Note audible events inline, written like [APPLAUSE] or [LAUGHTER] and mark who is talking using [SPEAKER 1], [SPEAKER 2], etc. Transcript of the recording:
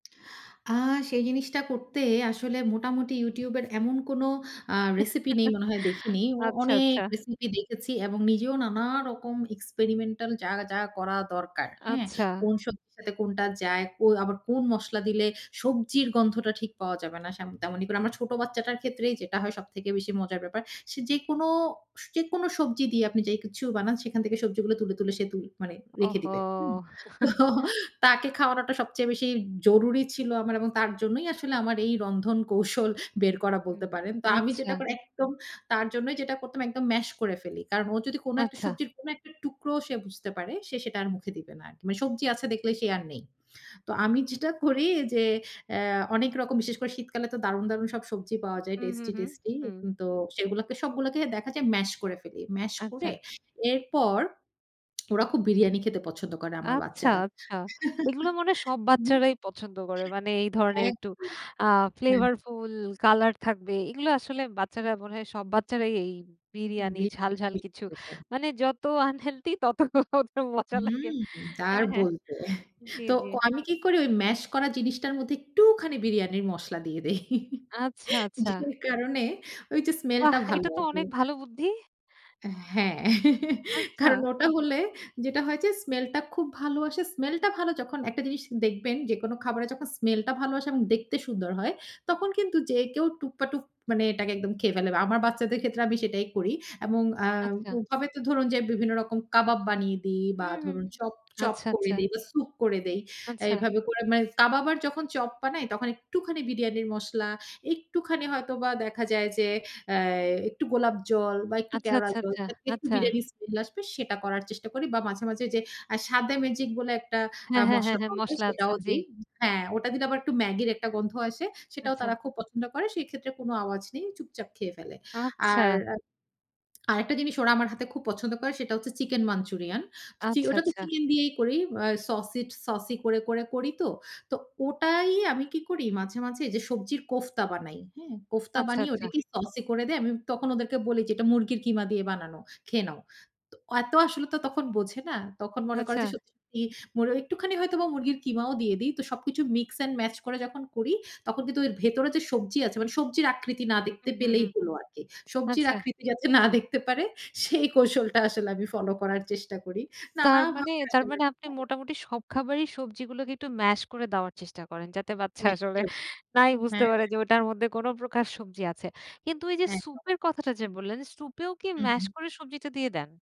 [SPEAKER 1] আ সেই জিনিসটা করতে আসলে মোটামুটি YouTube এর এমন কোন আ
[SPEAKER 2] [CHUCKLES]
[SPEAKER 1] রেসিপি নেই মনে হয় দেখিনি। ও
[SPEAKER 2] আচ্ছা,
[SPEAKER 1] অনেক
[SPEAKER 2] আচ্ছা।
[SPEAKER 1] রেসিপি দেখেছি এবং নিজেও নানা রকম experimental যা, যা করা
[SPEAKER 2] আ
[SPEAKER 1] দরকার। হ্যাঁ?
[SPEAKER 2] আচ্ছা।
[SPEAKER 1] কোন সবজির সাথে কোনটা যায়, কো আবার কোন মসলা দিলে সবজির গন্ধটা ঠিক পাওয়া যাবে না। সেমন তেমনি কোন আমর ছোট বাচ্চাটার ক্ষেত্রেই যেটা হয় সবথেকে বেশি মজার ব্যাপার। সে যেকোনো স যেকোনো সবজি দিয়ে আপনি যে কিছু বানান সেখান থেকে সবজিগুলো তুলে, তুলে সে তুল মানে, রেখে দিবে, হুম।
[SPEAKER 2] ওহো!
[SPEAKER 1] তো
[SPEAKER 2] [CHUCKLES]
[SPEAKER 1] তাকে খাওয়ানোটা সবচেয়ে বেশি জরুরি ছিল আমার এবং তার জন্যই আসলে আমার এই রন্ধন কৌশল বের
[SPEAKER 2] হু,
[SPEAKER 1] করা বলতে
[SPEAKER 2] উম,
[SPEAKER 1] পারেন। তো আমি
[SPEAKER 2] আচ্ছা।
[SPEAKER 1] যেটা করি, একদম তার জন্যই যেটা করতাম একদম ম্যাস করে ফেলি। কারণ ও যদি কোন একটা
[SPEAKER 2] আচ্ছা।
[SPEAKER 1] সবজির কোন একটা টুকরো সে বুঝতে পারে, সে সেটা আর মুখে দিবে না আর। মানে সবজি আছে দেখলে সে আর নেই। তো আমি যেটা করি যে, অ্যা অনেক রকম বিশেষ করে শীতকালে তো দারুণ, দারুণ সব সবজি পাওয়া যায়।
[SPEAKER 2] হু, হু,
[SPEAKER 1] টেস্টি,
[SPEAKER 2] হু,
[SPEAKER 1] টেস্টি।
[SPEAKER 2] হুম।
[SPEAKER 1] হুম, তো সেগুলাকে সবগুলোকে দেখা যায় ম্যাস করে ফেলি। ম্যাস করে
[SPEAKER 2] আচ্ছা।
[SPEAKER 1] এরপর, ওরা খুব বিরিয়ানি খেতে পছন্দ করে আমার
[SPEAKER 2] আচ্ছা!
[SPEAKER 1] বাচ্চারা।
[SPEAKER 2] আচ্ছা! এগুলো মনে হয়
[SPEAKER 1] [LAUGHS]
[SPEAKER 2] সব
[SPEAKER 1] হুম।
[SPEAKER 2] বাচ্চারাই পছন্দ করে। মানে এই ধরনের একটু
[SPEAKER 1] একদম।
[SPEAKER 2] আ
[SPEAKER 1] হুম।
[SPEAKER 2] flavourful colour থাকবে, এগুলো আসলে বাচ্চারা মনে হয় সব বাচ্চারাই এই বিরিয়ানি, ঝাল, ঝাল কিছু,
[SPEAKER 1] [UNINTELLIGIBLE]
[SPEAKER 2] মানে যত unhealthy তত ওগুলো মজা লাগে।
[SPEAKER 1] হুম! তা
[SPEAKER 2] অ্যা
[SPEAKER 1] আর
[SPEAKER 2] হ্যাঁ,
[SPEAKER 1] বলতে! [CHUCKLES]
[SPEAKER 2] জি,
[SPEAKER 1] তো
[SPEAKER 2] জি।
[SPEAKER 1] আমি কি করি ওই ম্যাস করা জিনিসটার মধ্যে একটুখানি বিরিয়ানির মসলা দিয়ে দেই। [LAUGHS]
[SPEAKER 2] আচ্ছা! আচ্ছা!
[SPEAKER 1] যে কারণে, ওইযে স্মেলটা
[SPEAKER 2] বাহ্!
[SPEAKER 1] ভালো
[SPEAKER 2] এটাতো
[SPEAKER 1] আসে।
[SPEAKER 2] অনেক ভালো বুদ্ধি।
[SPEAKER 1] অ্যা হ্যাঁ। [LAUGHS] কারণ
[SPEAKER 2] আচ্ছা।
[SPEAKER 1] ওটা হলে যেটা হয় যে, স্মেলটা খুব ভালো আসে। স্মেলটা ভালো যখন একটা জিনিস দেখবেন, যেকোনো খাবারে যখন স্মেলটা ভালো আসে এবং দেখতে সুন্দর হয়,
[SPEAKER 2] হু।
[SPEAKER 1] তখন কিন্তু যে কেউ টুপা টুপ মানে এটাকে একদম খেয়ে ফেলে বা আমার বাচ্চাদের ক্ষেত্রে আমি সেটাই করি। এবং আ
[SPEAKER 2] আচ্ছা।
[SPEAKER 1] ওভাবে তো ধরুন যে বিভিন্ন রকম কাবাব বানিয়ে দেই বা
[SPEAKER 2] উহুহু,
[SPEAKER 1] ধরুন চপ, চপ
[SPEAKER 2] আচ্ছা,
[SPEAKER 1] করে
[SPEAKER 2] আচ্ছা।
[SPEAKER 1] দেই বা সুপ করে দেই।
[SPEAKER 2] আচ্ছা।
[SPEAKER 1] এভাবে করে মানে কাবাব আর যখন চপ বানাই তখন একটুখানি বিরিয়ানির মসলা, একটুখানি হয়তোবা দেখা যায় যে অ্যা একটু গোলাপ জল বা একটু
[SPEAKER 2] আচ্ছা,
[SPEAKER 1] কেওড়া
[SPEAKER 2] আচ্ছা,
[SPEAKER 1] জল,
[SPEAKER 2] আচ্ছা,
[SPEAKER 1] যাতে একটু
[SPEAKER 2] আচ্ছা।
[SPEAKER 1] বিরিয়ানির স্মেল আসবে সেটা করার চেষ্টা করি বা মাঝে, মাঝে যে আ স্বাদে ম্যাজিক বলে একটা আ
[SPEAKER 2] হ্যাঁ, হ্যাঁ, হ্যাঁ,
[SPEAKER 1] মসলা
[SPEAKER 2] হ্যাঁ।
[SPEAKER 1] পাওয়া যায়
[SPEAKER 2] মশলা আছে।
[SPEAKER 1] সেটাও
[SPEAKER 2] জি।
[SPEAKER 1] দেই। হ্যাঁ, ওটা দিলে আবার একটু ম্যাগির একটা গন্ধ আছে। সেটাও
[SPEAKER 2] আচ্ছা।
[SPEAKER 1] তারা খুব পছন্দ করে। সেক্ষেত্রে কোন আওয়াজ নেই। চুপচাপ খেয়ে ফেলে। আর
[SPEAKER 2] আচ্ছা!
[SPEAKER 1] আ আরেকটা জিনিস ওরা আমার হাতে খুব পছন্দ করে সেটা হচ্ছে চিকেন মাঞ্চুরিয়ান। চি
[SPEAKER 2] আচ্ছা,
[SPEAKER 1] ওটাতো
[SPEAKER 2] আচ্ছা।
[SPEAKER 1] চিকেন দিয়েই করি। আ সছিট সসি করে, করে করিতো! তো ওটাই আমি কি করি মাঝে, মাঝে যে সবজির কোফতা বানাই, হ্যাঁ? কোফতা
[SPEAKER 2] আচ্ছা,
[SPEAKER 1] বানিয়ে
[SPEAKER 2] আচ্ছা।
[SPEAKER 1] ওটাকে সসি করে দেই। আমি তখন ওদেরকে বলি যে এটা মুরগির কিমা দিয়ে বানানো। খেয়ে নাও। তো এত আসলে তো তখন বোঝে না। তখন মনে করে যে
[SPEAKER 2] আচ্ছা।
[SPEAKER 1] সত্যি, সত্যি মুর একটুখানি হয়তোবা মুরগির কিমাও দিয়ে দেই। তো সবকিছু মিক্স অ্যান্ড mash করে যখন করি, তখন কিন্তু এর ভেতরে যে সবজি আছে, মানে সবজির আকৃতি না দেখতে পেলেই
[SPEAKER 2] উহুহু,
[SPEAKER 1] হলো আরকি। সবজির
[SPEAKER 2] আচ্ছা।
[SPEAKER 1] আকৃতি যাতে না দেখতে পারে, সেই কৌশলটা আসলে আমি ফলো করার চেষ্টা করি।
[SPEAKER 2] তার মানে?
[SPEAKER 1] নানাভাবে
[SPEAKER 2] তার
[SPEAKER 1] আসলে
[SPEAKER 2] মানে আপনি
[SPEAKER 1] [UNINTELLIGIBLE]
[SPEAKER 2] মোটামুটি সব খাবারই সবজিগুলোকে একটু mash করে দেওয়ার চেষ্টা করেন, যাতে বাচ্চা আসলে
[SPEAKER 1] এক্কেবারে।
[SPEAKER 2] নাই বুঝতে
[SPEAKER 1] হ্যাঁ।
[SPEAKER 2] পারে যে ওটার মধ্যে কোন প্রকার সবজি আছে। কিন্তু ওইযে
[SPEAKER 1] একদম।
[SPEAKER 2] সুপের কথাটা যে বললেন, সুপেও কি
[SPEAKER 1] হু,
[SPEAKER 2] ম্যাস
[SPEAKER 1] হু।
[SPEAKER 2] করে সবজিটা দিয়ে দেন?